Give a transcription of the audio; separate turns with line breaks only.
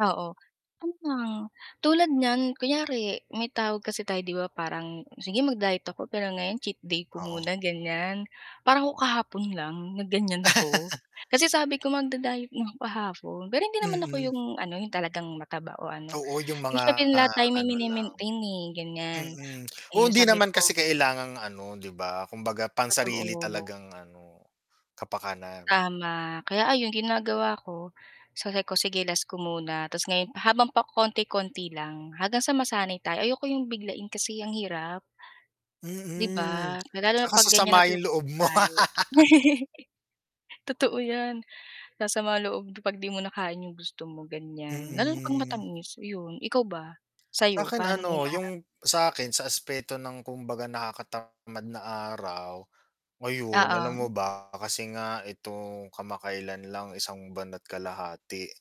Oo. Ano, tulad niyan kunyari, may tawag kasi tayo 'di ba parang, sige mag-diet ako pero ngayon cheat day ko
Oo.
muna ganyan. Parang ako kahapon lang, nag ganyan ako. Kasi sabi ko, mag-di-diet nako kahapon. Pero hindi naman ako
Mhm.
yung ano yung talagang mataba o ano.
Oo yung
Eh,
mga
syempre lahat tayo may
ano lang.
maintain eh, ganyan.
Mm, oo,
Eh,
hindi
sabi
naman kasi
ko
kailangang ano, 'di ba. Kumbaga pang-sarili
Totoo.
talagang ano, kapakanan.
Tama. Kaya ayon ginagawa ko, sabi ko, sige last ko muna. 'Tas ngayon habang pakonti-konti lang hanggang sa masanay tayo ayoko yung biglain kasi ang hirap. 'Di
Mm.
ba,
At
lalo na
saka
pag ganyan
sasama yung
natutukso
loob mo.
tayo. Totoo yan, sasama loob mo pag 'di mo nakain yung gusto mo, ganyan. Lalo na pag
Mhm.
matamis yun. Ikaw ba? Sayo,
Sakin
paano mo
ano,
hinaharap?
yung, sakin sa aspeto ng kumbaga nakakatamad na araw. Ngayon alam mo
Oo.
ba, kasi nga itong kamakailan lang isang buwan at kalahati